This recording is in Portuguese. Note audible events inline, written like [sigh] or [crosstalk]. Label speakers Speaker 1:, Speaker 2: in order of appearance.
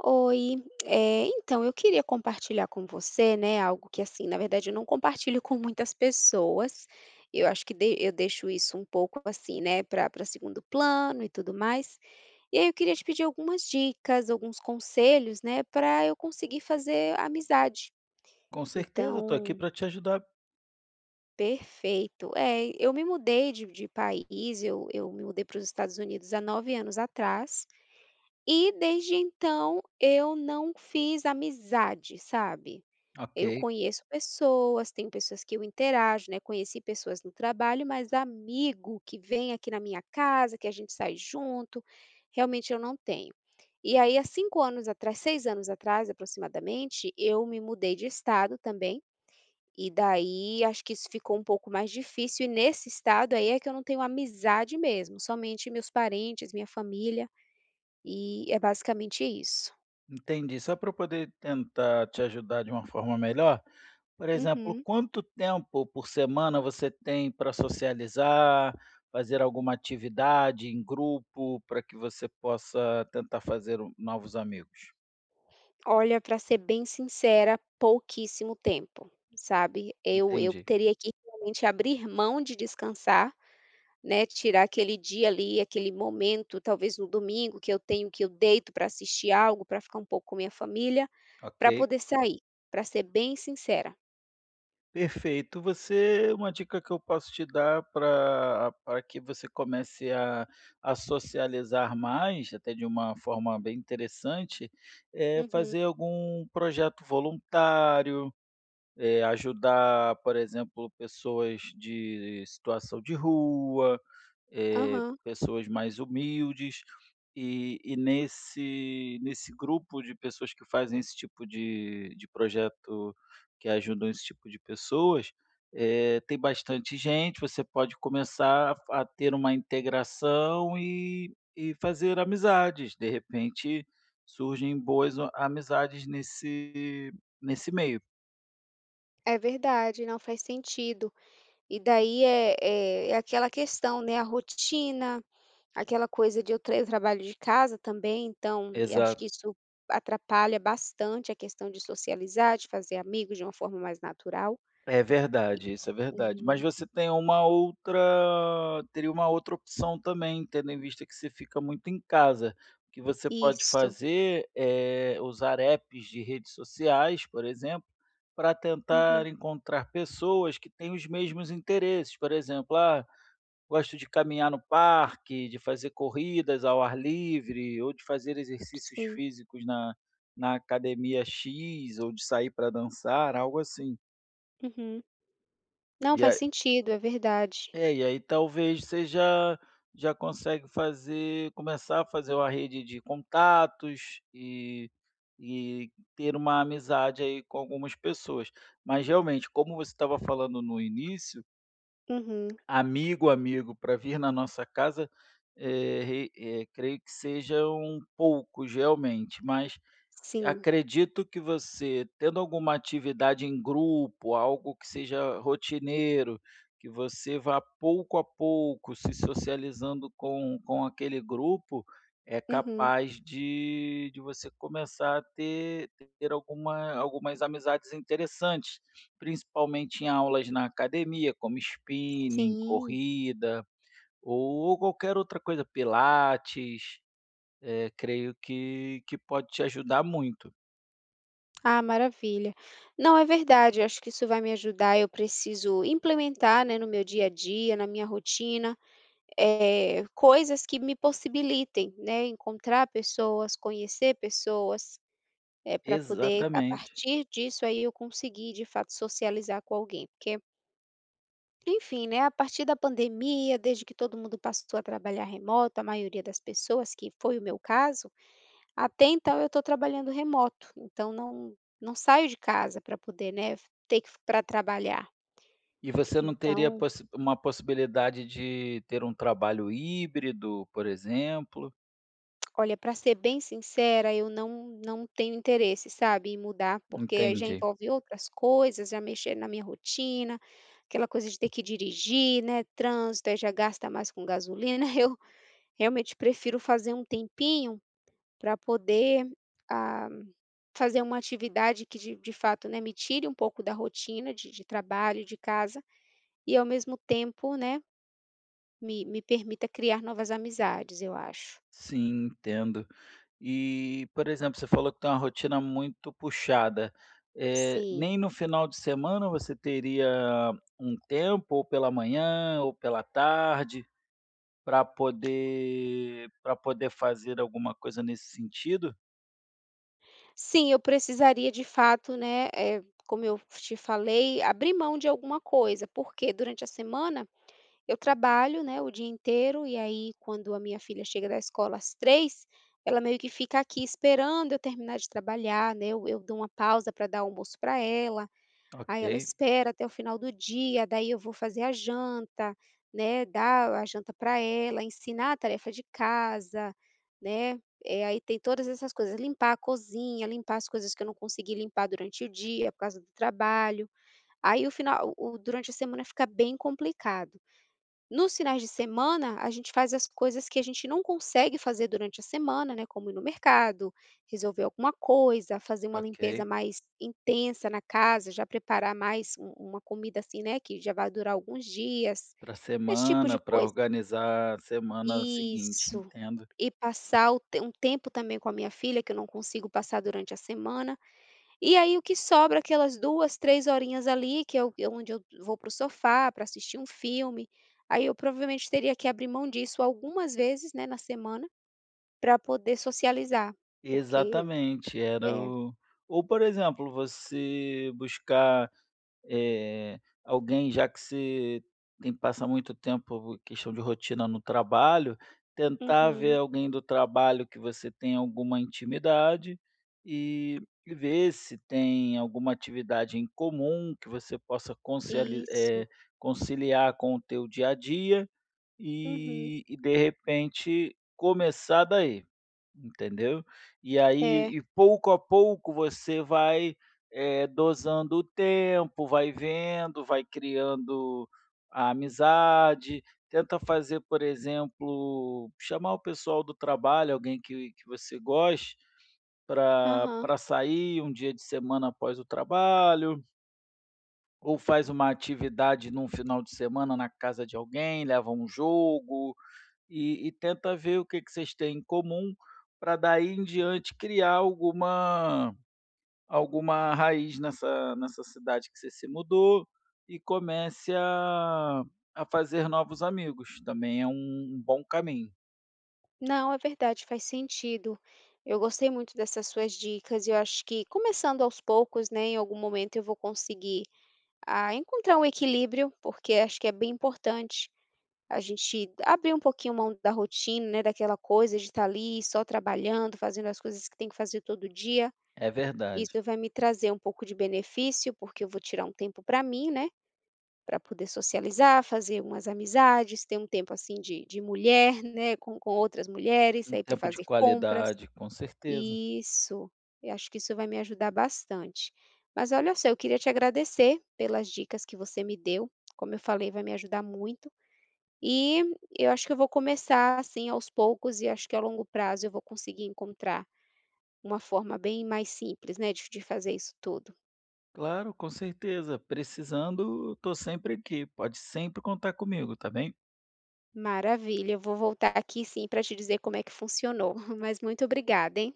Speaker 1: Oi, eh, então eu queria compartilhar com você, né, algo que assim, na verdade eu não compartilho com muitas pessoas. Eu acho que dei eu deixo isso um pouco assim, né, para para segundo plano e tudo mais, e aí eu queria te pedir algumas dicas, alguns conselhos, né, para eu conseguir fazer amizade.
Speaker 2: Com certeza, eu estou aqui
Speaker 1: Então
Speaker 2: para te ajudar.
Speaker 1: Perfeito. É, e eu me mudei de de país, eu eu me mudei para os Estados Unidos há 9 anos atrás e, desde então, eu não fiz amizade, sabe. Eu
Speaker 2: Ok.
Speaker 1: conheço pessoas, tenho pessoas que eu interajo, né, conheci pessoas no trabalho, mas amigo que vem aqui na minha casa, que a gente sai junto, realmente eu não tenho. E aí há 5 anos atrás 6 anos atrás, aproximadamente, eu me mudei de Estado também, e daí acho que isso ficou um pouco mais difícil e nesse Estado aí é que eu não tenho amizade mesmo, somente meus parentes, minha família, e é basicamente isso.
Speaker 2: Entendi, só para eu poder tentar te ajudar de uma forma melhor, por exemplo,
Speaker 1: Uhum.
Speaker 2: quanto tempo por semana você tem pra socializar, fazer alguma atividade em grupo para que você possa tentar fazer o novos amigos?
Speaker 1: Olha, para ser bem sincera, pouquíssimo tempo, sabe. Eu eu
Speaker 2: Entendi.
Speaker 1: teria que realmente abrir mão de descansar, né, tirar aquele dia ali, aquele momento, talvez no domingo, que eu tenho, que eu deito para assistir algo, para ficar um pouco com minha família, para
Speaker 2: Ok.
Speaker 1: poder sair, para ser bem sincera.
Speaker 2: Perfeito. Você uma dica que eu posso te dar para para que você comece a a socializar mais, até de uma forma bem interessante, é
Speaker 1: Uhum.
Speaker 2: fazer algum projeto voluntário, eh, ajudar, por exemplo, pessoas de situação de rua, eh,
Speaker 1: Aham.
Speaker 2: pessoas mais humildes, e e nesse nesse grupo de pessoas que fazem esse tipo de de projeto, que ajudam esse tipo de pessoas, eh, tem bastante gente, você pode começar a f a ter uma integração e e fazer amizades, de repente surgem boas o amizades nesse nesse meio.
Speaker 1: É verdade, não faz sentido, e daí, eh eh, é aquela questão, né, a rotina, aquela coisa de eu tra eu trabalho de casa também então e acho que
Speaker 2: Exato.
Speaker 1: isso atrapalha bastante a questão de socializar, de fazer amigos de uma forma mais natural
Speaker 2: É verdade isso, é
Speaker 1: e,
Speaker 2: verdade,
Speaker 1: uhum.
Speaker 2: mas você tem uma outra teria uma outra opção também, tendo em vista que você fica muito em casa, o que você pode
Speaker 1: Isso.
Speaker 2: fazer é usar apps de redes sociais, por exemplo, para tentar
Speaker 1: Uhum.
Speaker 2: encontrar pessoas que têm os mesmos interesses, por exemplo, "ah, gosto de caminhar no parque, de fazer corridas ao ar livre, ou de fazer exercícios
Speaker 1: Sim.
Speaker 2: físicos na na academia 'X' ou de sair pra dançar", algo assim.
Speaker 1: Uhum. Não
Speaker 2: E
Speaker 1: faz
Speaker 2: aí
Speaker 1: sentido, é verdade.
Speaker 2: É, e aí talvez você já já consegue fazer começar a fazer uma rede de contatos e e ter uma amizade aí com algumas pessoas, mas realmente, como você estava falando no início.
Speaker 1: Uhum.
Speaker 2: Amigo, amigo, para vir na nossa casa, eh, re eh, creio que sejam poucos realmente, mas
Speaker 1: Sim.
Speaker 2: acredito que você tendo alguma atividade em grupo, algo que seja rotineiro, que você vá pouco a pouco se socializando com com aquele grupo, é
Speaker 1: Uhum.
Speaker 2: capaz de de você começar a ter ter alguma algumas amizades interessantes, principalmente em aulas na academia, como spinning,
Speaker 1: Sim.
Speaker 2: corrida, ou qualquer outra coisa, pilates, eh, creio que que pode te ajudar muito.
Speaker 1: Ah, maravilha. Não, é verdade, eu acho que isso vai me ajudar, eu preciso implementar, né, no meu dia a dia, na minha rotina, eh, coisas que me possibilitem, né, encontrar pessoas, conhecer pessoas, eh, para poder, a
Speaker 2: Exatamente.
Speaker 1: partir disso, aí eu conseguir de fato socializar com alguém, porque enfim, né, a partir da pandemia, desde que todo mundo passou a trabalhar remoto, a maioria das pessoas, que foi o meu caso, até então eu estou trabalhando remoto, então não não saio de casa para poder, né, f ter que para trabalhar.
Speaker 2: E você não teria
Speaker 1: Então
Speaker 2: possi uma possibilidade de ter um trabalho híbrido, por exemplo?
Speaker 1: Olha, pra ser bem sincera, eu não não tenho interesse, sabe, em mudar, porque aí já
Speaker 2: Entendi.
Speaker 1: envolve outras coisas, já mexer na minha rotina, aquela coisa de ter que dirigir, né, trânsito, aí já gasta mais com gasolina, [chuckles] eu realmente prefiro fazer um tempinho pra poder, ah, fazer uma atividade que de de fato, né, me tire um pouco da rotina de de trabalho e de casa, e ao mesmo tempo, né, me me permita criar novas amizades, eu acho.
Speaker 2: Sim, entendo. E, por exemplo, você falou que tem uma rotina muito puxada, eh,
Speaker 1: Sim.
Speaker 2: nem no final de semana você teria um tempo, ou pela manhã ou pela tarde, pra poder pra poder fazer alguma coisa nesse sentido?
Speaker 1: Sim, eu precisaria de fato, né, eh, como eu te falei, abrir mão de alguma coisa, porque durante a semana, eu trabalho, né, o dia inteiro e aí quando a minha filha chega da escola às 15h, ela meio que fica aqui esperando eu terminar de trabalhar, né, eu eu dou uma pausa pra dar almoço pra ela, aí ela
Speaker 2: Ok.
Speaker 1: espera até o final do dia, daí eu vou fazer a janta, né, dar a janta pra ela, ensinar a tarefa de casa, né. Eh, aí tem todas essas coisas, limpar a cozinha, limpar as coisas que eu não consegui limpar durante o dia por causa do trabalho, aí o final o o durante a semana fica bem complicado. Nos finais de semana, a gente faz as coisas que a gente não consegue fazer durante a semana, né, como ir no mercado, resolver alguma coisa, fazer uma limpeza
Speaker 2: Ok.
Speaker 1: mais intensa na casa, já preparar mais u uma comida, assim, né, que já vai durar alguns dias,
Speaker 2: Pra
Speaker 1: esse tipo de
Speaker 2: semana, pra
Speaker 1: coisa.
Speaker 2: organizar a semana seguinte,
Speaker 1: Isso.
Speaker 2: entendo.
Speaker 1: E passar o um tempo também com a minha filha, que eu não consigo passar durante a semana, e aí o que sobra aquelas 2, 3 horinhas ali que é o é onde eu vou para o sofá para assistir um filme, aí eu provavelmente teria que abrir mão disso algumas vezes, né, na semana, pra poder socializar, porque
Speaker 2: Exatamente, era
Speaker 1: É.
Speaker 2: o Ou por exemplo, você buscar, eh, alguém, já que você tem que passar muito tempo questão de rotina no trabalho, tentar ver
Speaker 1: Uhum.
Speaker 2: alguém do trabalho que você tenha alguma intimidade, e e ver se tem alguma atividade em comum que você possa conceali eh,
Speaker 1: Isso.
Speaker 2: conciliar com o teu dia a dia,
Speaker 1: Uhum.
Speaker 2: e e de repente começar daí, entendeu. E aí
Speaker 1: É.
Speaker 2: e pouco a pouco você vai, eh, dosando o tempo, vai vendo, vai criando a amizade, tenta fazer, por exemplo, chamar o pessoal do trabalho, alguém que que você goste pra
Speaker 1: Aham.
Speaker 2: pra sair um dia de semana após o trabalho Ou faz uma atividade em um final de semana na casa de alguém, leva um jogo, e e tenta ver o que que vocês têm em comum, para daí em diante criar alguma alguma raiz nessa nessa cidade que você se mudou e comece a a fazer novos amigos, também é um bom caminho.
Speaker 1: Não, é verdade, faz sentido, eu gostei muito dessas suas dicas e eu acho que começando aos poucos, né, em algum momento eu vou conseguir, ah, encontrar um equilíbrio, porque acho que é bem importante a gente abrir um pouquinho mão da rotina, né, daquela coisa de estar ali só trabalhando, fazendo as coisas que tem que fazer todo dia,
Speaker 2: É verdade.
Speaker 1: isso vai me trazer um pouco de benefício, porque eu vou tirar um tempo para mim, né, para poder socializar, fazer umas amizades, ter um tempo, assim, de de mulher, né, com com outras mulheres,
Speaker 2: Um
Speaker 1: sair para
Speaker 2: tempo de
Speaker 1: fazer compras.
Speaker 2: qualidade, com certeza.
Speaker 1: Isso, eu acho que isso vai me ajudar bastante. Mas olha só, eu queria te agradecer pelas dicas que você me deu, como eu falei, vai me ajudar muito e e eu acho que eu vou começar, assim, aos poucos e acho que a longo prazo eu vou conseguir encontrar uma forma bem mais simples, né, de de fazer isso tudo.
Speaker 2: Claro, com certeza, precisando, estou sempre aqui, pode sempre contar comigo, está bem?
Speaker 1: Maravilha, eu vou voltar aqui sim para te dizer como é que funcionou, [chuckles] mas muito obrigada, hein?